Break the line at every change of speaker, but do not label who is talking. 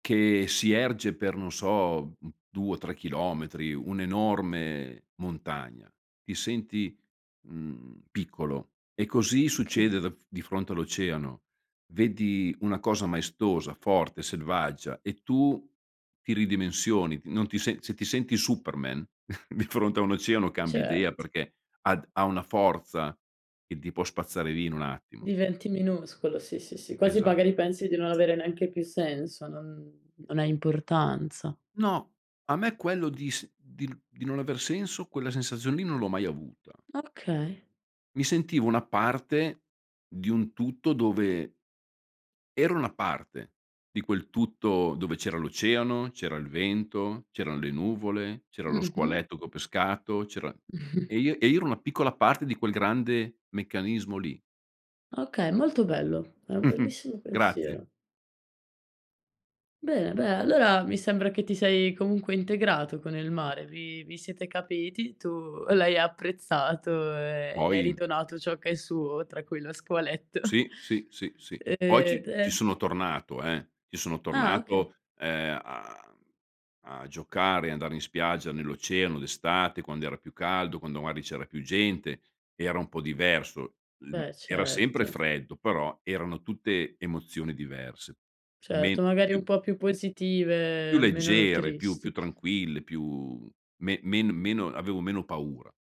Che si erge per non so, mhmm, 2 o 3 chilometri, un'enorme montagna. Ti senti, mhmm, piccolo e così
Oka
succede da di fronte all'oceano. Vedi una cosa maestosa, forte, selvaggia e tu ti ridimensioni, t non ti se se ti senti Superman, di fronte a un oceano cambi idea
Cert
perché ad ha una forza che ti può spazzare via in un attimo.
Diventi minuscolo. Sì, sì, sì, quasi
Esatto.
magari pensi di non avere neanche più senso, non non hai importanza.
No. A me quello di s di n di non aver senso quella sensazione lì non l'ho mai avuta.
Okay.
Mi sentivo una parte di un tutto dove ero una parte di quel tutto, dove c'era l'oceano, c'era il vento, c'erano le nuvole, c'era lo
Mh-mh.
squaletto che ho pescato, c'era e io e io ero una piccola parte di quel grande meccanismo lì.
Okay, molto bello. È un bellissimo
Grazie.
pensiero. Bene dai allora mi sembra che ti sei comunque integrato con il mare, vi vi siete capiti, tu l'hai apprezzato e gli hai
Poi
ridonato ciò che è suo tra cui lo squaletto.
Sì, sì, sì, sì.
Ehm,
Poi ci ci
e
sono tornato eh, ci sono
Ah, okay.
tornato, ehm, a mhmm, a giocare, andare in spiaggia nell'oceano d'estate, quando era più caldo, quando magari c'era più gente, era un po' diverso, ehm,
Beh
era sempre
certo.
freddo, però erano tutte emozioni diverse. Men
Certo! Magari un
più
po' più
Più
positive, meno
leggere, più più
tristi.
tranquille, più men men meno avevo meno paura.